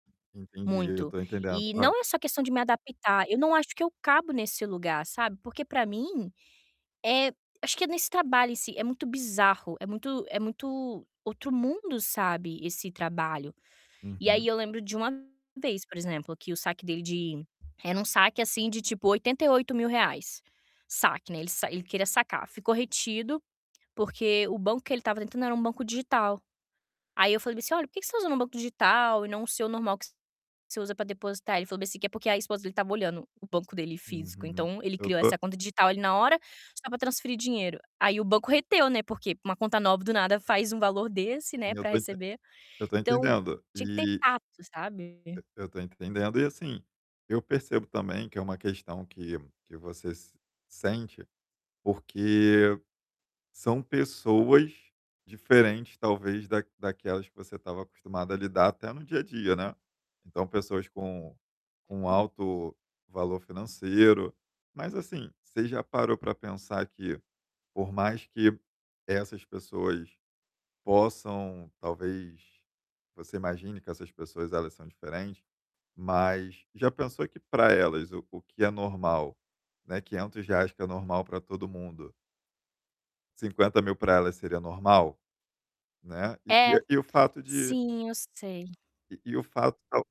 Entendi, eu Muito. tô entendendo. E Olha não é só questão de me adaptar, eu não acho que eu cabo nesse lugar, sabe, porque, pra mim, eh, acho que é nesse trabalho em si, é muito bizarro, é muito é muito outro mundo, sabe, esse trabalho. E aí Uhum. eu lembro de 1 vez, por exemplo, que o saque dele de era um saque, assim, de tipo R$ 88 mil. Saque, né, ele sa ele queria sacar. Ficou retido, porque o banco que ele tava entrando era um banco digital. Aí eu falei bem assim: "Olha, por que que você tá usando um banco digital e não o seu normal que você usa pra depositar?" Ele falou bem assim, que é porque a esposa dele estava olhando o banco dele físico, Uhum. então, ele Eu criou tô essa conta digital ali na hora só pra transferir dinheiro. Aí o banco reteu, né, porque uma conta nova, do nada, faz um valor desse, né, Sim, eu pra tô enten receber. eu tô Então, entendendo. tinha que ter E tato, sabe? E eu tô entendendo e, assim, eu percebo também que é uma questão que que você sente, porque são pessoas diferentes, talvez da-daquelas que você estava acostumada a lidar até no dia a dia, né. Então, pessoas com com Uhum. alto valor financeiro. Mas, assim, você já parou pra pensar que, por mais que essas pessoas possam, talvez você imagine que essas pessoas, elas são diferentes, mas já pensou que pra elas, o que é normal, né, R$ 500 que é normal pra todo mundo 50 mil pra elas seria normal, né, e É, e o fato de sim, eu sei. e e o fato, tal